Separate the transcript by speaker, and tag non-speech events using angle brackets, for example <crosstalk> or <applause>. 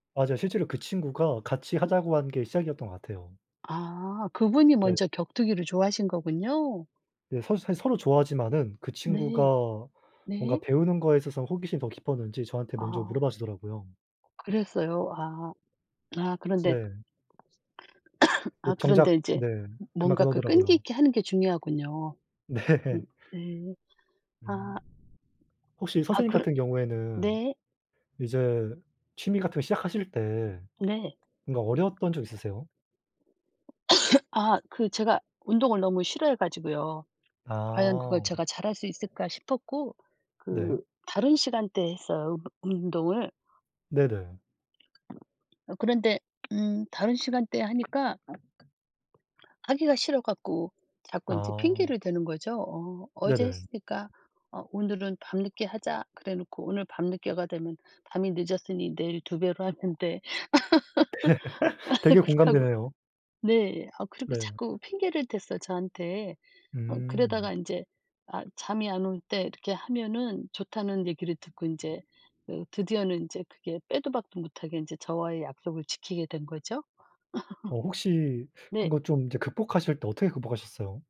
Speaker 1: 맞아요. 실제로 그 친구가 같이
Speaker 2: 읍
Speaker 1: 하자고 한 게 시작이었던 것 같아요.
Speaker 2: 아. 그분이
Speaker 1: 네.
Speaker 2: 먼저 격투기를 좋아하신 거군요.
Speaker 1: 네. 사실 사실 서로 좋아하지만은 그
Speaker 2: 네.
Speaker 1: 친구가 뭔가
Speaker 2: 네.
Speaker 1: 배우는 거에 있어서 호기심이 더 깊었는지 저한테 먼저
Speaker 2: 아.
Speaker 1: 물어 봐 주더라고요.
Speaker 2: 그랬어요? 아. 아. 그런데
Speaker 1: 네.
Speaker 2: <coughs>
Speaker 1: 어.
Speaker 2: 아 그런데
Speaker 1: 정작
Speaker 2: 이제
Speaker 1: 네.
Speaker 2: 뭔가
Speaker 1: 그만큼
Speaker 2: 그 끈기
Speaker 1: 하더라고요.
Speaker 2: 있게 하는 게 중요하군요. 음.
Speaker 1: 네.
Speaker 2: 네. 아.
Speaker 1: 음. 혹시
Speaker 2: 아.
Speaker 1: 선생님
Speaker 2: 그르
Speaker 1: 같은 경우에는
Speaker 2: 네.
Speaker 1: 이제 취미 같은 거 시작하실 때
Speaker 2: 네.
Speaker 1: 뭔가 어려웠던 적 있으세요?
Speaker 2: <coughs> 아. 그 제가 운동을 너무 싫어해 가지고요. '과연 그걸
Speaker 1: 아.
Speaker 2: 제가 잘할 수 있을까.' 싶었고
Speaker 1: 네.
Speaker 2: 그 다른 시간대에 했어요, 운 운동을.
Speaker 1: 네네.
Speaker 2: 어. 그런데 음 다른 시간대에 하니까 하기가 싫어 갖고 자꾸 인제
Speaker 1: 아.
Speaker 2: 핑계를 대는 거죠. 어. '어제
Speaker 1: 네네.
Speaker 2: 했으니까 어. 오늘은 밤늦게 하자.' 그래 놓고 오늘 밤늦게가 되면 '밤이 늦었으니 내일 2 배로 하면 돼.'
Speaker 1: <laughs> 되게
Speaker 2: <laughs> 그렇게 하고
Speaker 1: 공감되네요.
Speaker 2: 네. 아 그리고
Speaker 1: 네.
Speaker 2: 자꾸 핑계를 댔어요, 저한테. 어
Speaker 1: 음.
Speaker 2: 그러다가 인제 아 잠이 안 올 때 이렇게 하면은 좋다는 얘기를 듣고 인제 그 드디어는 인제 그게 빼도 박도 못하게 인제 저와의 약속을 지키게 된 거죠.
Speaker 1: 어. 혹시
Speaker 2: <laughs>
Speaker 1: 그런
Speaker 2: 네.
Speaker 1: 거 좀 이제 극복하실 때 어떻게 극복하셨어요?